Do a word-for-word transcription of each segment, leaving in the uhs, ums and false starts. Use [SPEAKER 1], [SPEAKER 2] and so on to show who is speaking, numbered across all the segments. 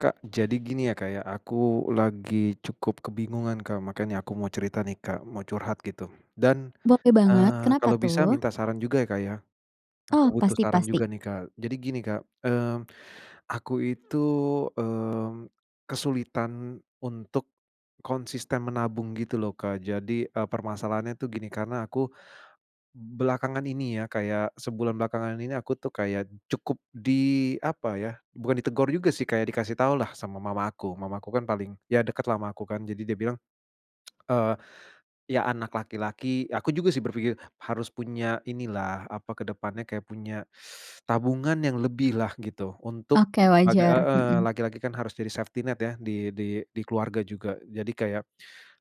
[SPEAKER 1] Kak, jadi gini ya, Kak, ya, aku lagi cukup kebingungan Kak makanya aku mau cerita nih Kak mau curhat gitu, dan,
[SPEAKER 2] Boleh banget,
[SPEAKER 1] eee,
[SPEAKER 2] kenapa
[SPEAKER 1] kalau bisa
[SPEAKER 2] tuh?
[SPEAKER 1] minta saran juga ya, Kak, ya, aku
[SPEAKER 2] Oh,
[SPEAKER 1] butuh
[SPEAKER 2] pasti
[SPEAKER 1] saran
[SPEAKER 2] pasti.
[SPEAKER 1] juga nih Kak. Jadi gini Kak, mmm, aku itu, mmm, kesulitan untuk, konsisten menabung gitu loh Kak jadi, eee, permasalahannya tuh gini karena aku, belakangan ini ya kayak sebulan belakangan ini aku tuh kayak cukup di apa ya bukan ditegur juga sih kayak dikasih tau lah sama mama aku, mamaku kan paling ya deketlah ama aku kan jadi dia bilang, eee, ya anak laki-laki aku juga sih berpikir harus punya inilah apa ke depannya kayak punya, tabungan yang lebihlah gitu untuk,
[SPEAKER 2] Oke,
[SPEAKER 1] bag
[SPEAKER 2] wajar,
[SPEAKER 1] heeh,
[SPEAKER 2] mhm.
[SPEAKER 1] laki-laki kan harus jadi safety net ya di di di keluarga juga jadi kayak,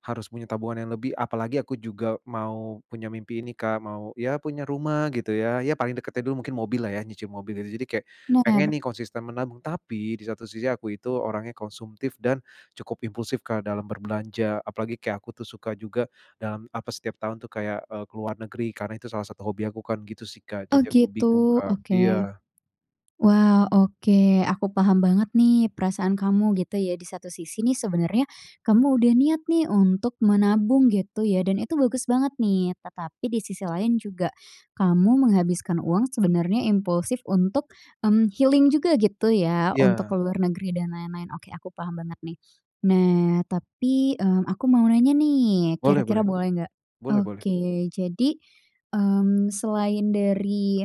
[SPEAKER 1] harus punya tabungan yang lebih apalagi aku juga mau punya mimpi ini Kak mau ya punya rumah gitu ya, ya paling deketnya dulu mungkin mobillah ya nyicil mobil jadi kayak, pengen
[SPEAKER 2] Noer.
[SPEAKER 1] nih konsisten menabung tapi di satu sisi aku itu orangnya konsumtif dan, cukup impulsif Kak dalam berbelanja apalagi kayak aku tuh suka juga dalam apa setiap tahun tuh kayak, eee, ke luar negeri karena itu salah satu hobi aku kan gitu sih Kak
[SPEAKER 2] Oh,
[SPEAKER 1] jadi aku bingung
[SPEAKER 2] gitu,
[SPEAKER 1] Kak
[SPEAKER 2] oke,
[SPEAKER 1] iya.
[SPEAKER 2] wah, oke, aku paham banget nih perasaan kamu gitu ya. Di satu sisi nih sebenernya, kamu udah niat nih untuk menabung gitu ya dan itu bagus banget nih. Tetapi di sisi lain juga, kamu menghabiskan uang sebenernya impulsif untuk, mmm, healing juga gitu ya untuk ke
[SPEAKER 1] Iya.
[SPEAKER 2] luar negeri dan lain-lain, oke, aku paham banget nih. Nah, tapi, mmm, aku mau nanya nih
[SPEAKER 1] Boleh boleh,
[SPEAKER 2] kira-kira boleh nggak?
[SPEAKER 1] boleh boleh.
[SPEAKER 2] Oke, jadi, mmm, selain dari,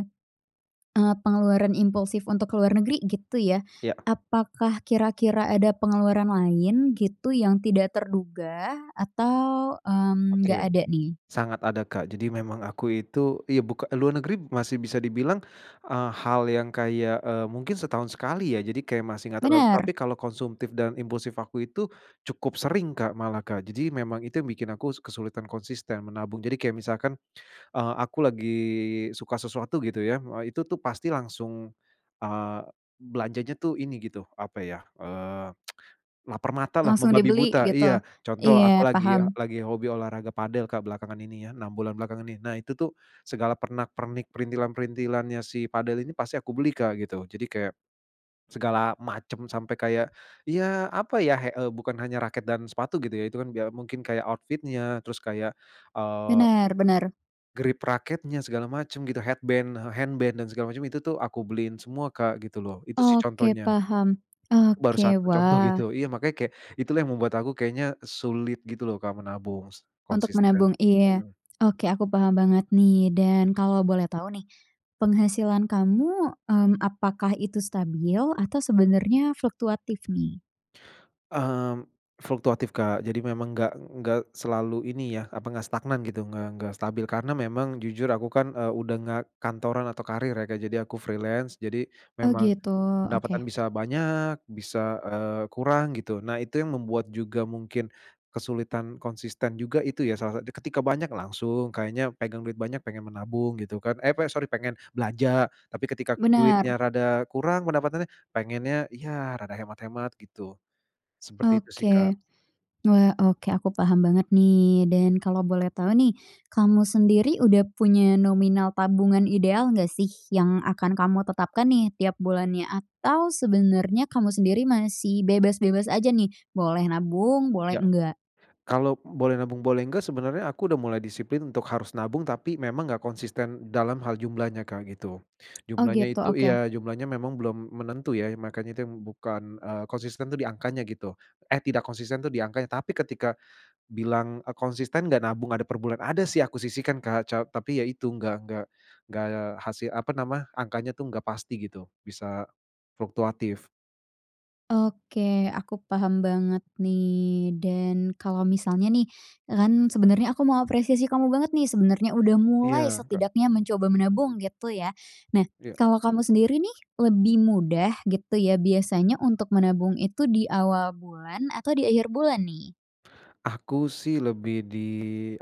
[SPEAKER 2] eee, pengeluaran impulsif untuk ke luar negeri gitu ya,
[SPEAKER 1] Iya.
[SPEAKER 2] apakah kira-kira ada pengeluaran lain gitu yang tidak terduga atau, mmm, nggak
[SPEAKER 1] Oke,
[SPEAKER 2] ada nih?
[SPEAKER 1] sangat ada Kak jadi memang aku itu iya, buka luar negeri masih bisa dibilang, eee, hal yang kayak, eee, mungkin setahun sekali ya jadi kayak masih enggak terlalu tapi
[SPEAKER 2] Bener.
[SPEAKER 1] kalau konsumtif dan impulsif aku itu, cukup sering Kak malah Kak jadi memang itu yang bikin aku kesulitan konsisten menabung. Jadi kayak misalkan, eee, aku lagi suka sesuatu gitu ya, eee, itu tuh pasti langsung, eee, belanjanya tuh ini gitu apa ya, eee, laper matalah
[SPEAKER 2] Langsung
[SPEAKER 1] membabi
[SPEAKER 2] dibeli
[SPEAKER 1] buta
[SPEAKER 2] gitu,
[SPEAKER 1] iya, contoh aku
[SPEAKER 2] iya,
[SPEAKER 1] lagi
[SPEAKER 2] paham.
[SPEAKER 1] lagi hobi olahraga padel Kak belakangan ini ya enam bulan belakangan ini nah itu tuh segala pernak-pernik perintilan-perintilannya si padel ini pasti aku beli Kak gitu. Jadi kayak, segala macem sampai kayak, iya apa ya he eee, bukan hanya raket dan sepatu gitu ya itu kan biar mungkin kayak outfit-nya terus kayak, eee
[SPEAKER 2] Bener bener.
[SPEAKER 1] Grip raketnya segala macam gitu, headband, eee, handband dan segala macam itu tuh aku beliin semua, Kak, gitu loh. Itu sih
[SPEAKER 2] Oke,
[SPEAKER 1] contohnya.
[SPEAKER 2] paham.
[SPEAKER 1] Baru
[SPEAKER 2] Oke,
[SPEAKER 1] satu contoh gitu,
[SPEAKER 2] wah.
[SPEAKER 1] iya makanya kayak itulah yang membuat aku kayaknya sulit gitu loh, Kak, menabung s
[SPEAKER 2] Untuk
[SPEAKER 1] konsisten,
[SPEAKER 2] menabung? Iya.
[SPEAKER 1] mhm.
[SPEAKER 2] Oke, aku paham banget nih dan kalau boleh tahu nih, penghasilan kamu, mmm, apakah itu stabil atau sebenarnya fluktuatif nih?
[SPEAKER 1] Mmm, fluktuatif, Kak. Jadi memang enggak enggak selalu ini ya, apa, enggak stagnan gitu, nggak nggak stabil karena memang jujur aku kan, eee, udah enggak kantoran atau karir ya, Kak. Jadi aku freelance. Jadi
[SPEAKER 2] Oh,
[SPEAKER 1] memang
[SPEAKER 2] gitu.
[SPEAKER 1] pendapatan
[SPEAKER 2] Oke.
[SPEAKER 1] bisa banyak bisa, eee, kurang gitu. Nah, itu yang membuat juga mungkin kesulitan konsisten juga itu ya salah sa dan ketika banyak langsung, kayaknya pegang duit banyak pengen menabung gitu kan, eh, apa ya, sorry pengen belanja, tapi ketika
[SPEAKER 2] Benar.
[SPEAKER 1] duitnya rada kurang pendapatannya, pengennya ya rada hemat-hemat gitu. Seperti itu sih, Kak.
[SPEAKER 2] Oke. Wah, oke, aku paham banget nih dan kalau boleh tahu nih, kamu sendiri udah punya nominal tabungan ideal enggak sih yang akan kamu tetapkan nih tiap bulannya? Atau sebenarnya kamu sendiri masih bebas-bebas aja nih? Boleh nabung, boleh
[SPEAKER 1] Iya.
[SPEAKER 2] enggak?
[SPEAKER 1] Kalau boleh nabung boleh enggak, sebenarnya aku udah mulai disiplin untuk harus nabung, tapi memang enggak konsisten dalam hal jumlahnya, Kak, gitu.
[SPEAKER 2] Oh,
[SPEAKER 1] Jumlahnya
[SPEAKER 2] gitu,
[SPEAKER 1] itu
[SPEAKER 2] oke.
[SPEAKER 1] iya, jumlahnya memang belum menentu ya. Iya makanya itu yang bukan, eee, konsisten tuh di angkanya gitu, eh, tidak konsisten tuh di angkanya, tapi ketika bilang, eee, "Konsisten enggak nabung ada per bulan?" Ada sih aku sisihkan, Kak, ca tapi ya itu enggak enggak enggak hasil, apa nama, angkanya tuh enggak pasti gitu, bisa fluktuatif.
[SPEAKER 2] Oke, aku paham banget nih. Dan kalau misalnya nih, e kan sebenernya aku mau apresiasi kamu banget nih, sebenernya udah mulai,
[SPEAKER 1] Iya, Kak.
[SPEAKER 2] setidaknya mencoba menabung gitu ya. Nah,
[SPEAKER 1] Iya.
[SPEAKER 2] kalau kamu sendiri nih, lebih mudah gitu ya, biasanya untuk menabung itu di awal bulan atau di akhir bulan nih?
[SPEAKER 1] Aku sih lebih di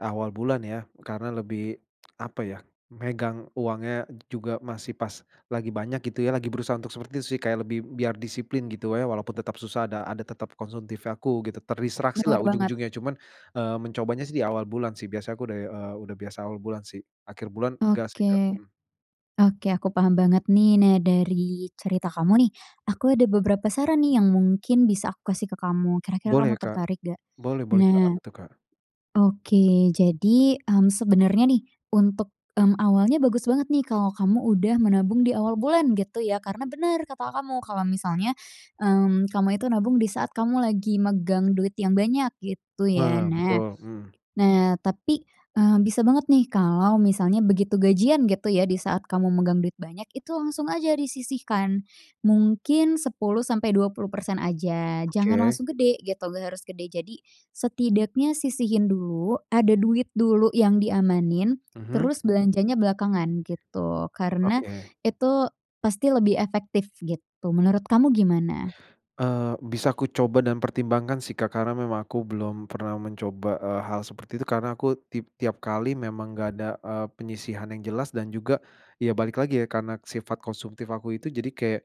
[SPEAKER 1] awal bulan ya, karena lebih, apa ya, megang uangnya juga masih pas lagi banyak gitu ya, lagi berusaha untuk seperti itu sih, kayak lebih biar disiplin gitu wae walaupun tetap susah ada ada tetap konsumtif ya, aku gitu, terdistraksi lah
[SPEAKER 2] Bener banget.
[SPEAKER 1] ujung-ujungnya. Cuman, eee, mencobanya sih di awal bulan sih, biasa aku udah, eee, udah biasa awal bulan sih, akhir bulan, nggak sih, Kak,
[SPEAKER 2] Oke,
[SPEAKER 1] mmm.
[SPEAKER 2] oke, aku paham banget nih. Nah, dari cerita kamu nih, aku ada beberapa saran nih yang mungkin bisa aku kasih ke kamu, kira-kira
[SPEAKER 1] Boleh
[SPEAKER 2] kamu
[SPEAKER 1] Kak,
[SPEAKER 2] tertarik nggak?
[SPEAKER 1] boleh boleh Kak, apa
[SPEAKER 2] Nah.
[SPEAKER 1] tuh Kak?
[SPEAKER 2] Oke, jadi, mmm, sebenernya nih, untuk, mmm, awalnya bagus banget nih kalau kamu udah menabung di awal bulan gitu ya. Karena bener kata kamu, kalau misalnya, mmm, kamu itu nabung di saat kamu lagi megang duit yang banyak gitu ya,
[SPEAKER 1] Heeh,
[SPEAKER 2] nah
[SPEAKER 1] betul, mhm.
[SPEAKER 2] nah, tapi, eee, bisa banget nih kalau misalnya begitu gajian gitu ya, di saat kamu megang duit banyak, itu langsung aja disisihkan, mungkin sepuluh sampai dua puluh persen aja, jangan
[SPEAKER 1] Oke.
[SPEAKER 2] langsung gede gitu, nggak harus gede. Jadi setidaknya sisihin dulu, ada duit dulu yang diamanin,
[SPEAKER 1] Mhm.
[SPEAKER 2] terus belanjanya belakangan gitu, karena
[SPEAKER 1] Oke.
[SPEAKER 2] itu pasti lebih efektif gitu. Menurut kamu gimana?
[SPEAKER 1] Eee, bisa aku coba dan pertimbangkan sih, Kak. Karena memang aku belum pernah mencoba, eee, hal seperti itu. Karena aku tip tiap kali memang nggak ada, eee, penyisihan yang jelas dan juga, ya balik lagi ya, karena sifat konsumtif aku itu. Jadi kayak,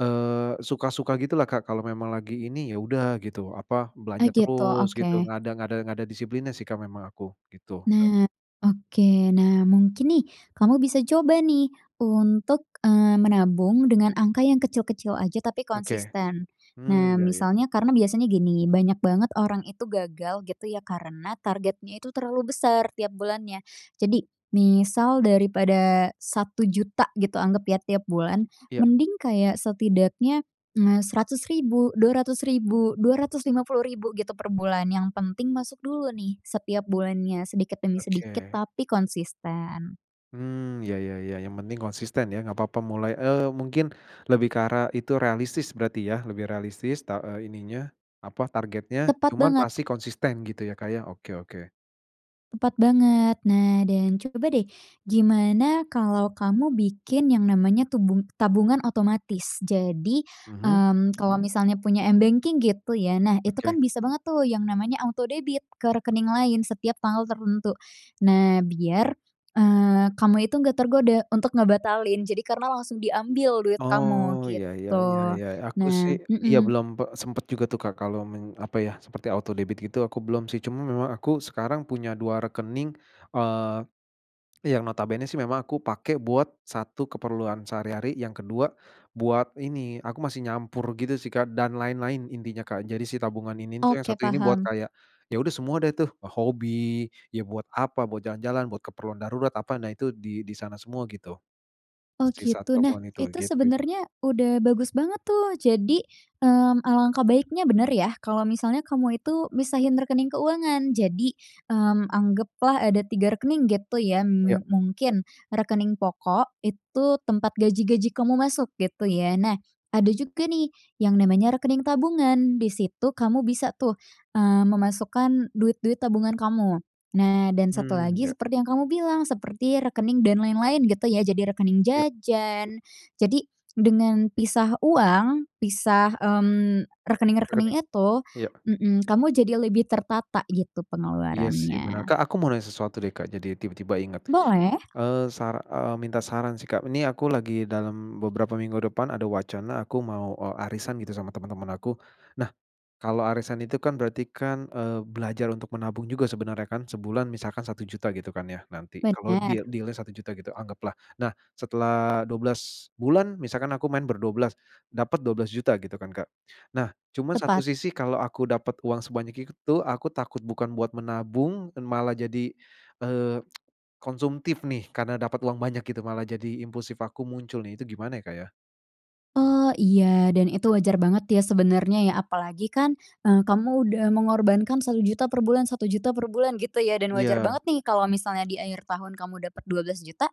[SPEAKER 1] eee, suka-suka gitu lah Kak, kalau memang lagi ini, ya udah gitu, apa,
[SPEAKER 2] Oh,
[SPEAKER 1] belanja
[SPEAKER 2] gitu,
[SPEAKER 1] terus
[SPEAKER 2] oke.
[SPEAKER 1] gitu, nggak ada nggak ada nggak ada disiplinnya sih, Kak, memang aku, gitu ya.
[SPEAKER 2] Nah, oke. Nah, mungkin nih, kamu bisa coba nih untuk, eee, menabung dengan angka yang kecil-kecil aja, tapi
[SPEAKER 1] Oke,
[SPEAKER 2] konsisten.
[SPEAKER 1] mmm,
[SPEAKER 2] Nah,
[SPEAKER 1] iya iya.
[SPEAKER 2] misalnya, karena biasanya gini, banyak banget orang itu gagal gitu ya, karena targetnya itu terlalu besar tiap bulannya. Jadi, misal daripada satu juta gitu, anggap ya, tiap bulan,
[SPEAKER 1] Iya.
[SPEAKER 2] mending kayak setidaknya, m eee, seratus ribu, dua ratus ribu, dua ratus lima puluh ribu gitu per bulan. Yang penting masuk dulu nih setiap bulannya, sedikit demi sedikit
[SPEAKER 1] Oke.
[SPEAKER 2] tapi konsisten.
[SPEAKER 1] Hmm, ya ya ya, yang penting konsisten ya nggak papa mulai, eee, mungkin lebih ke arah itu realistis berarti ya, lebih realistis ta e ininya, apa, targetnya,
[SPEAKER 2] Tepat
[SPEAKER 1] cuman
[SPEAKER 2] banget.
[SPEAKER 1] pasti konsisten gitu ya, Kak, ya, oke oke.
[SPEAKER 2] Tepat banget. Nah dan coba deh, gimana kalau kamu bikin yang namanya tubung tabungan otomatis. Jadi,
[SPEAKER 1] Mhm.
[SPEAKER 2] mmm, kalau misalnya punya m-banking gitu ya. Nah itu kan
[SPEAKER 1] Oke.
[SPEAKER 2] bisa banget tuh, yang namanya autodebit ke rekening lain setiap tanggal tertentu. Nah, biar, eee, kamu itu nggak tergoda untuk ngebatalin. Jadi karena langsung diambil duit
[SPEAKER 1] Oh.
[SPEAKER 2] kamu,
[SPEAKER 1] Iya, ya
[SPEAKER 2] gitu.
[SPEAKER 1] ya ya, aku sih
[SPEAKER 2] Nah
[SPEAKER 1] iya,
[SPEAKER 2] hmm.
[SPEAKER 1] belum pe sempet juga tuh Kak kalau men apa ya, seperti autodebit gitu, aku belum sih. Cuman memang aku sekarang punya dua rekening, eee, yang notabene sih memang aku pake buat satu keperluan sehari-hari, yang kedua buat ini, aku masih nyampur gitu sih Kak dan lain-lain, intinya Kak. Jadi si tabungan ini tuh yang
[SPEAKER 2] Oke,
[SPEAKER 1] satu ini buat
[SPEAKER 2] paham.
[SPEAKER 1] kayak, ya udah semua deh tuh, hobi, ya buat apa, buat jalan-jalan, buat keperluan darurat, apa, nah itu di di sana semua gitu.
[SPEAKER 2] Oh,
[SPEAKER 1] Sisa
[SPEAKER 2] gitu. Nah,
[SPEAKER 1] tabungan itu,
[SPEAKER 2] itu
[SPEAKER 1] gitu ya.
[SPEAKER 2] sebenarnya, udah bagus banget tuh. Jadi, mmm, alangkah baiknya benar ya. Kalau misalnya kamu itu misahin rekening keuangan. Jadi, mmm, anggaplah ada tiga rekening gitu ya,
[SPEAKER 1] Iya.
[SPEAKER 2] me mungkin rekening pokok itu tempat gaji-gaji kamu masuk gitu ya. Nah, ada juga nih yang namanya rekening tabungan. Di situ kamu bisa tuh, eee, memasukkan duit-duit tabungan kamu. Nah, dan satu
[SPEAKER 1] Mmm,
[SPEAKER 2] lagi
[SPEAKER 1] ya.
[SPEAKER 2] seperti yang kamu bilang seperti rekening dan lain-lain gitu ya, jadi rekening
[SPEAKER 1] Ya.
[SPEAKER 2] jajan jadi dengan pisah uang, pisah, mmm,
[SPEAKER 1] Rekening?
[SPEAKER 2] rekening-rekening itu
[SPEAKER 1] Iya.
[SPEAKER 2] hmm, kamu jadi lebih tertata gitu
[SPEAKER 1] Iya sih, benar
[SPEAKER 2] pengeluarannya.
[SPEAKER 1] Kak. Aku mau nanya sesuatu deh Kak, Jadi tiba-tiba ingat.
[SPEAKER 2] Boleh.
[SPEAKER 1] Eee, sar eee, minta saran sih Kak, ini aku lagi dalam beberapa minggu depan ada wacana aku mau, e arisan gitu sama teman-teman aku. Nah, kalau arisan itu kan berarti kan, eee, belajar untuk menabung juga sebenarnya kan. Sebulan misalkan satu juta gitu kan ya, nanti kalau deal
[SPEAKER 2] Benar.
[SPEAKER 1] deal-nya satu juta gitu anggaplah. Nah, setelah dua belas bulan misalkan aku main berdua belas dapet dua belas juta gitu kan Kak. Nah, cuman satu
[SPEAKER 2] Tepat.
[SPEAKER 1] sisi kalau aku dapet uang sebanyak itu, aku takut bukan buat menabung, dan malah jadi, eee, konsumtif nih, karena dapet uang banyak gitu, malah jadi impulsif aku muncul nih. Itu gimana ya, Kak, ya?
[SPEAKER 2] Oh, iya dan itu wajar banget ya sebenarnya ya. Apalagi kan, eee, kamu udah mengorbankan satu juta per bulan satu juta per bulan gitu ya dan wajar
[SPEAKER 1] Iya.
[SPEAKER 2] banget nih kalau misalnya di akhir tahun kamu dapet dua belas juta,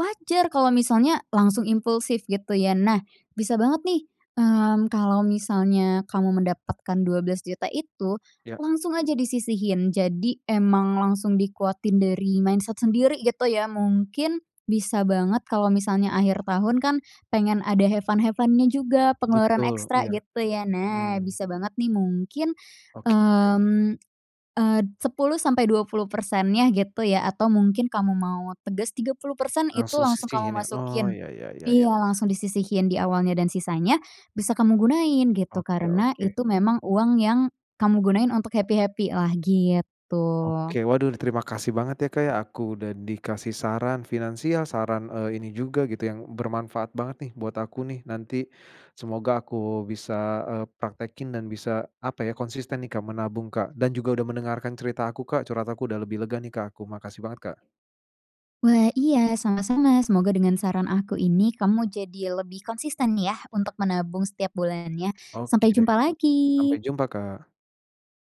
[SPEAKER 2] wajar kalau misalnya langsung impulsif gitu ya. Nah, bisa banget nih, mmm, kalau misalnya kamu mendapatkan dua belas juta itu
[SPEAKER 1] Iya.
[SPEAKER 2] langsung aja disisihin. Jadi emang langsung dikuatin dari mindset sendiri gitu ya. Mungkin bisa banget kalau misalnya akhir tahun kan pengen ada have fun have fun-nya juga, pengeluaran
[SPEAKER 1] Betul,
[SPEAKER 2] ekstra
[SPEAKER 1] iya.
[SPEAKER 2] gitu ya. Nah,
[SPEAKER 1] Mmm.
[SPEAKER 2] bisa banget nih mungkin,
[SPEAKER 1] Oke oke.
[SPEAKER 2] mmm, eee, sepuluh sampai dua puluh persennya gitu ya atau mungkin kamu mau teges tiga puluh persen itu
[SPEAKER 1] Langsung
[SPEAKER 2] langsung kamu
[SPEAKER 1] sisihin ya? Oh,
[SPEAKER 2] masukin,
[SPEAKER 1] ya ya ya ya.
[SPEAKER 2] iya langsung disisihin di awalnya dan sisanya bisa kamu gunain gitu,
[SPEAKER 1] Oke
[SPEAKER 2] karena
[SPEAKER 1] oke.
[SPEAKER 2] itu memang uang yang kamu gunain untuk happy-happy-lah gitu.
[SPEAKER 1] Oke. Waduh terima kasih banget ya, Kak ya. Aku udah dikasih saran finansial, saran, eee, ini juga gitu yang bermanfaat banget nih buat aku nih nanti. Semoga aku bisa, eee, praktekin dan bisa, apa ya, konsisten nih, Kak, menabung, Kak, dan juga udah mendengarkan cerita aku, Kak, curhat aku. Udah lebih lega nih, Kak, aku. Makasih banget, Kak.
[SPEAKER 2] Wah. Iya, sama-sama. Semoga dengan saran aku ini kamu jadi lebih konsisten yah untuk menabung setiap bulannya.
[SPEAKER 1] Oke
[SPEAKER 2] Sampai
[SPEAKER 1] deh.
[SPEAKER 2] jumpa
[SPEAKER 1] Sampai
[SPEAKER 2] lagi.
[SPEAKER 1] jumpa, Kak.